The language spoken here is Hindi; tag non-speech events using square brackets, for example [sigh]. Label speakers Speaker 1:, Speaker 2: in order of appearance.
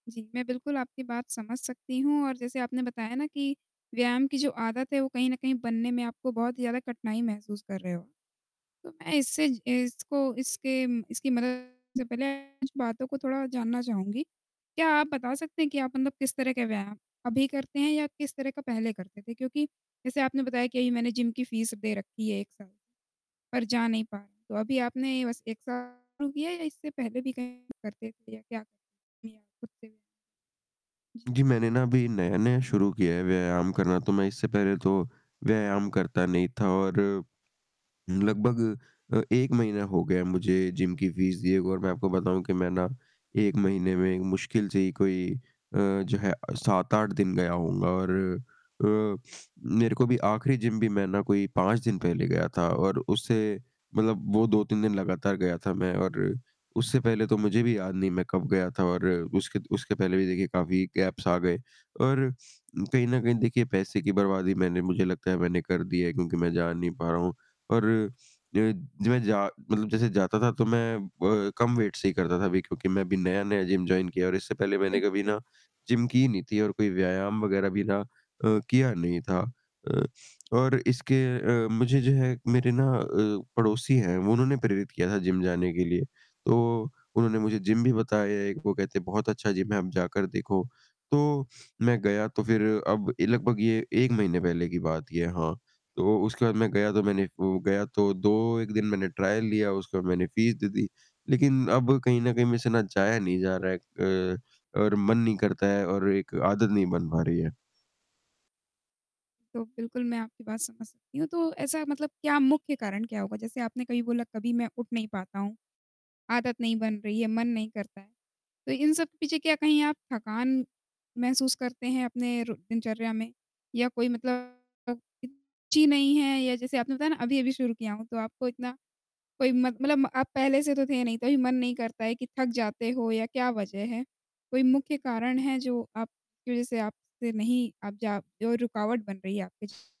Speaker 1: जी, मैं बिल्कुल आपकी बात समझ सकती हूँ, और जैसे आपने बताया ना कि व्यायाम की जो आदत है, वो कहीं न कहीं बनने में आपको बहुत ही ज़्यादा कठिनाई महसूस कर रहे हो, तो मैं इससे ज इसको इसके म इसकी मदद से पहले कुछ बातों को थोड़ा जानना चाहूँगी। क्या आप बता सकते हैं कि आप मतलब किस तरह के व्यायाम अभी करते हैं, या किस तरह का पहले करते थे? क्योंकि जैसे आपने बताया कि, "अभी मैंने जिम की फ़ीस दे रखी है 1 साल, पर जा नहीं पा" तो अभी आपने बस 1 साल रु किया है, या इससे पहले भी कहीं करते थे, या क्या [unintelligible] खुद से? जी।
Speaker 2: जी, मैंने ना अभी नया-नया शुरू किया है व्यायाम करना, तो मैं इससे पहले तो व्यायाम करता नहीं था, और लगभग अ, 1 महीना हो गया है मुझे जिम की फ़ीस दिए हुए, और मैं आपको बताऊँ कि मैं ना, 1 महीने में मुश्किल से ही कोई अ, जो है अ, 7-8 दिन गया हूँगा, और अ, [sniffs] मेरे को भी आखिरी जिम भी मैं ना, कोई 5 दिन पहले गया था, और उससे मतलब वो 2-3 दिन लगातार गया था मैं, और उससे पहले तो मुझे भी याद नहीं, मैं कब गया था और उसके द उसके पहले भी, देखिए, काफ़ी गैप्स आ गए और कहीं न कहीं, देखिए, पैसे की बर्बादी मैंने मुझे लगता है, मैंने कर दी है, क्योंकि मैं जा नहीं पा रहा हूँ। और अ, मैं जा मतलब जैसे जाता था, तो मैं कम अ, वेट से ही करता था अभी, क्योंकि मैं अभी नया-नया जिम जॉइन किया, और इससे पहले मैंने
Speaker 1: बिल्कुल,
Speaker 2: कभी
Speaker 1: बिल
Speaker 2: ना, जिम की ही नहीं थी और कोई व्यायाम वगैरह भी ना अ, किया नहीं था। अ, और इसके अ, मुझे जो है मेरे ना अ, पड़ोसी हैं, उन्होंने प्रेरित किया था जिम जाने के लिए। तो उन्होंने मुझे जिम भी बताया एक वो कहते हैं, "बहुत अच्छा जिम है, आप जाकर देखो।" तो मैं गया, तो फिर अब ए लगभग ये 1 महीने पहले की बात ये है, हाँ। तो उसके बाद मैं गया, तो मैंने वो गया, तो 2, 1 दिन मैंने ट्रायल लिया, उसके बाद मैंने फ़ीस दे दी। लेकिन अब कहीं न कहीं, मेरे से ना जाया नहीं जा रहा है अ, और मन नहीं करता है और एक आदत नहीं बन पा रही है।
Speaker 1: तो बिल्कुल, मैं आपकी बात समझ सकती हूँ, तो ऐसा मतलब क्या मुख्य कारण क्या होगा? जैसे आपने कहीं बोला, "कभी मैं उठ नहीं पाता हूँ, आदत नहीं बन रही है, मन नहीं करता।" तो इन सब पीछे क्या कहीं आप थकान महसूस करते हैं अपने रो दिनचर्या में? या कोई मतलब ची नहीं है, या जैसे आपने बताया ना, अभी-अभी शुरू किया हूँ, तो आपको इतना कोई मत मतलब आप पहले से तो थे नहीं, तभी मन नहीं करता है कि थक जाते हो, या क्या वजह है? कोई मुख्य कारण है, जो आप की वजह से आप से नहीं, आप जा जो रुकावट बन रही है आपके